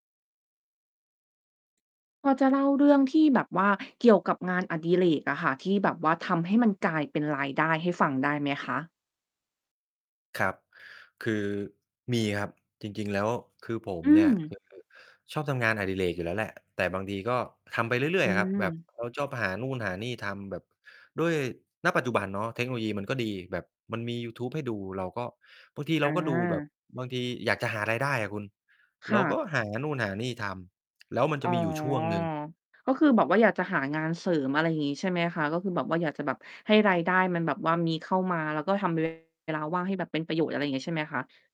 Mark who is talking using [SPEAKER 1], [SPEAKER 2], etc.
[SPEAKER 1] พอจะเล่าเรื่องที่แบบว่าเกี่ยวกับงานอดิเรกอะค่ะ ที่แบบว่าทำให้มันกลายเป็นรายได้ให้ฟังได้ไหมคะ?
[SPEAKER 2] ครับ คือมีครับ จริง ๆ แล้วคือผม
[SPEAKER 1] อื
[SPEAKER 2] เนี่ย
[SPEAKER 1] ม
[SPEAKER 2] คือ ชอบทำงานอดิเรกอยู่แล้วแหละ แต่บางทีก็ทำไปเรื่อ
[SPEAKER 1] อื
[SPEAKER 2] ย ๆ อะครับ แบบ
[SPEAKER 1] ม
[SPEAKER 2] เราชอบหานู่นหานี่ทำแบบ ด้วย ณ ปัจจุบันเนาะ เทคโนโลยีมันก็ดีแบบ มันมียูทูบให้ดู เราก็ บางทีเร
[SPEAKER 1] อ
[SPEAKER 2] าก็ดูแบบ
[SPEAKER 1] า
[SPEAKER 2] บางทีอยากจะหารายได้อะคุณ
[SPEAKER 1] ค
[SPEAKER 2] เร
[SPEAKER 1] ่
[SPEAKER 2] าก็
[SPEAKER 1] ะ
[SPEAKER 2] หานู่นหานี่ทำ แล้วมันจ
[SPEAKER 1] อ๋
[SPEAKER 2] ะ
[SPEAKER 1] อ
[SPEAKER 2] มีอยู่ช่วงหนึ่ง
[SPEAKER 1] ก็คือแบบว่าอยากจะหางานเสริม อะไรอย่างงี้ใช่ไหมคะ? ก็คือแบบว่าอยากจะแบบให้รายได้มันแบบว่ามีเข้ามา แล้วก็ทำ เวลา ว่างให้แบบเป็นประโยชน์ อะไรอย่างงี้ใช่ไหมคะ?